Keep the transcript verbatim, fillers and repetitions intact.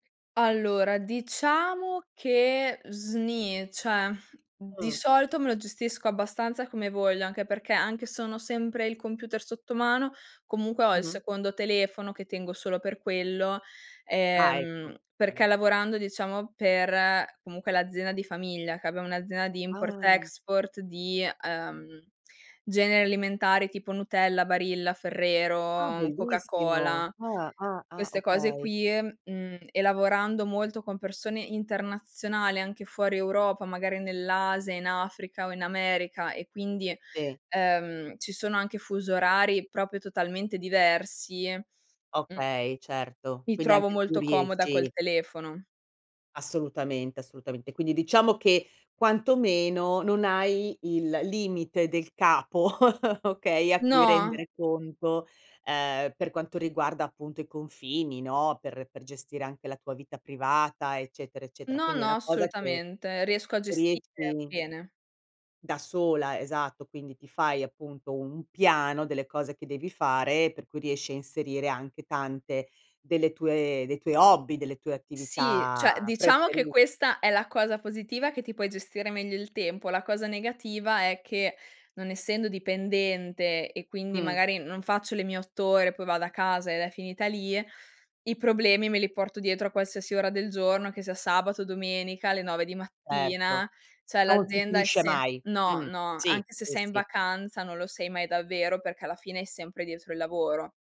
Allora, diciamo che sni, ceh di Mh. solito me lo gestisco abbastanza come voglio, anche perché, anche se on ho sempre il computer sotto mano, comunque ho il Mh-mh. secondo telefono che tengo solo per quello. Ah, ecco. Ehm, perché Mh-mh. lavorando diciamo per comunque l'azienda di famiglia, che abbiamo un'azienda di import, Ah. export, di, uhm, generi alimentari tipo Nutella, Barilla, Ah. Ferrero, Bellissimo. Coca-Cola, Ah-ah, ah. queste cose Okay. qui, mhmm, e lavorando molto con persone internazionali, anche fuori Europa, magari nell'Asia, in Africa o in America e quindi, Sì. ehm, ci sono anche fuso orari propio totalmente diversi, mhmm, Okay, certo. mi Quindi trovo anche tu molto comoda col riesci telefono. Assolutamente, assolutamente. Quindi diciamo che, quantomeno non hai il limite del capo, okay, a cui No. rendere conto, ehm, per quanto riguarda appunto i confini, no, per per gestire anche la tua vita privata, eccetera, eccetera. No, Quindi è no, una cosa che assolutamente. Riesco a gestire riesci bene. da sola, esatto, quindi ti fai appunto un piano delle cose che devi fare, per cui riesci a inserire anche tante delle tue dei tuoi hobby, delle tue Sì, attività ceh diciamo che preferi questa è la cosa positiva, che ti puoi gestire meglio il tempo; la cosa negativa è che non essendo dipendente, e quindi Mh. magari non faccio le mie otto ore, poi vado a casa ed è finita lì, i problemi me li porto dietro a qualsiasi ora del giorno, che sia sabato, domenica, alle nove di Certo, mattina, ceh non si l'azienda è finisce se mai. no, Mh, no sì, anche se sì, sei in sì. vacanza, non lo sei mai davvero perché alla fine è sempre dietro il lavoro.